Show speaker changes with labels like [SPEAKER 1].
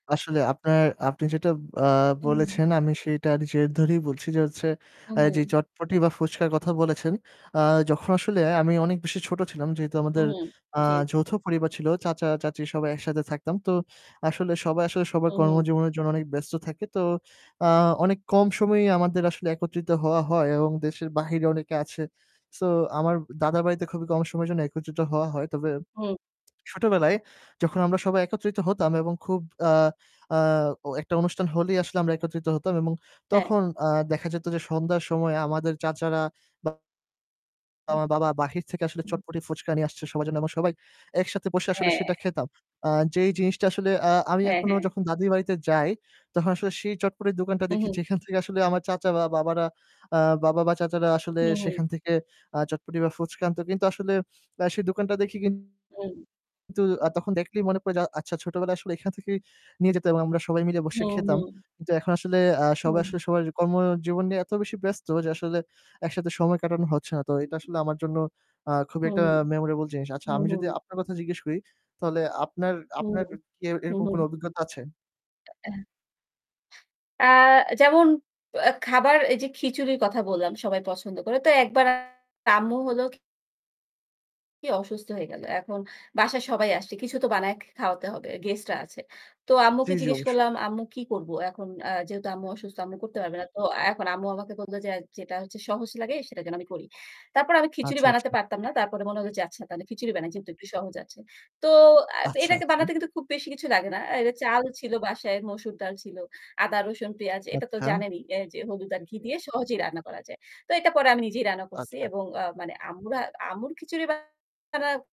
[SPEAKER 1] আসলে আপনার, আপনি যেটা, আ
[SPEAKER 2] উহু।
[SPEAKER 1] বলেছেন, আমি সেইটার জের ধরেই বলছি যে হচ্ছে, এই যে
[SPEAKER 2] উহু।
[SPEAKER 1] চটপটি বা ফুচকার কথা বলেছেন। আ যখন আসলে আমি অনেক বেশি ছোট ছিলাম যেহেতু আমাদের,
[SPEAKER 2] উহু,
[SPEAKER 1] আ
[SPEAKER 2] জি।
[SPEAKER 1] যৌথ পরিবার ছিল চাচা, চাচী সবাই একসাথে থাকতাম। তো আসলে সবাই আসলে
[SPEAKER 2] উ,
[SPEAKER 1] সবার
[SPEAKER 2] হু।
[SPEAKER 1] কর্মজীবনের জন্য অনেক ব্যস্ত থাকে। তো, আ অনেক কম সময়েই আমাদের আসলে একত্রিত হওয়া হয় এবং দেশের বাহিরে অনেকে আছে। So আমার দাদার বাড়িতে খুবই কম সময়ের জন্য একত্রিত হওয়া হয়। তবে
[SPEAKER 2] হু।
[SPEAKER 1] ছোটবেলায় যখন আমরা সবাই একত্রিত হতাম এবং খুব, আ আ ও একটা অনুষ্ঠান হলেই আসলে আমরা একত্রিত হতাম এবং
[SPEAKER 2] হ্যাঁ।
[SPEAKER 1] তখন, আ দেখা যেত যে সন্ধ্যার সময়ে আমাদের চাচারা বা
[SPEAKER 2] [unintelligible]
[SPEAKER 1] আমার বাবা বাহির থেকে আসলে
[SPEAKER 2] [unintelligible]
[SPEAKER 1] চটপটি, ফুচকা নিয়ে আসছে সবার জন্য এবং সবাই একসাথে বসে আসলে
[SPEAKER 2] হ্যাঁ।
[SPEAKER 1] সেটা খেতাম। আ যেই জিনিসটা আসলে, আ আমি
[SPEAKER 2] হ্যাঁ,
[SPEAKER 1] এখনও
[SPEAKER 2] হ্যাঁ।
[SPEAKER 1] যখন দাদীর বাড়িতে যাই তখন আসলে সেই চটপটির দোকানটা দেখি
[SPEAKER 2] উহু।
[SPEAKER 1] যেখান থেকে আসলে আমার চাচা বা বাবারা, আ বাবা, বা চাচারা আসলে
[SPEAKER 2] উহু।
[SPEAKER 1] সেখান থেকে, আ চটপটি বা ফুচকা আনতো। কিন্তু আসলে সেই দোকানটা দেখি কিনন্তু
[SPEAKER 2] হু।
[SPEAKER 1] আ তখন দেখলেই মনে পড়ে যে আ আচ্ছা ছোটবেলায় আসলে এখান থেকেই নিয়ে যেত এবং আমরা সবাই মিলে বসে
[SPEAKER 2] হু, হু।
[SPEAKER 1] খেতাম। কিন্তু এখন আসলে, আ সবাই
[SPEAKER 2] হুম।
[SPEAKER 1] আসলে সবার কর্মজীবন নিয়ে এত বেশি ব্যস্ত যে, আসলে একসাথে সময় কাটানো হচ্ছে না। তো এটা আসলে আমার জন্য, আ খুবই
[SPEAKER 2] হুম,
[SPEAKER 1] একটা memorable জিনিস। আচ্ছা
[SPEAKER 2] হুম, হুম,
[SPEAKER 1] আমি যদি
[SPEAKER 2] হুম।
[SPEAKER 1] আপনার কথা জিজ্ঞেস করি তাহলে আপনার
[SPEAKER 2] হুম,
[SPEAKER 1] আপনার
[SPEAKER 2] হুম,
[SPEAKER 1] কি
[SPEAKER 2] হুম,
[SPEAKER 1] এরকম কোন
[SPEAKER 2] হুম।
[SPEAKER 1] অভিজ্ঞতা আছে?
[SPEAKER 2] [unintelligible] আ যেমন আ খাবার এই যে খিচুড়ির কথা বললাম, সবাই পছন্দ করে। তো ১ বার আম্মু হলো কি কি অসুস্থ হয়ে গেল। এখন বাসায় সবাই আসছে। কিছু তো বানায় খে খাওয়াতে হবে। Guest রা আছে। তো
[SPEAKER 1] জি,
[SPEAKER 2] আম্মুকে
[SPEAKER 1] জি
[SPEAKER 2] জিজ্ঞেস
[SPEAKER 1] অবশ্যই।
[SPEAKER 2] করলাম আম্মু কি করব এখন? আ যেহেতু আম্মু অসুস্থ, আম্মু করতে পারবে না। তো এখন আম্মু আমাকে বলল যে যেটা হচ্ছে সহজ লাগে সেটা যেন আমি করি। তারপর আমি খিচুড়ি
[SPEAKER 1] আচ্ছা,
[SPEAKER 2] বানাতে
[SPEAKER 1] আচ্ছা।
[SPEAKER 2] পারতাম না। তারপরে মনে হল যে আচ্ছা তাহলে খিচুড়ি বানাই যেহেতু একটু সহজ আছে। তো আ
[SPEAKER 1] আচ্ছা,
[SPEAKER 2] এটাকে
[SPEAKER 1] আচ্ছা।
[SPEAKER 2] বানাতে কিন্তু খুব বেশি কিছু লাগে না। অ্যা এটা চাল ছিল বাসায়, মসুর ডাল ছিল, আদা, রসুন, পেঁয়াজ এটা তো
[SPEAKER 1] আচ্ছা।
[SPEAKER 2] জানেনই। অ্যা যে হলুদ আর ঘি দিয়ে সহজেই রান্না করা যায়। তো এটা পরে আমি নিজেই রান্না করছি
[SPEAKER 1] আচ্ছা।
[SPEAKER 2] এবং এ্যা মানে আম্মুরা আম্মুর খিচুড়ি বা না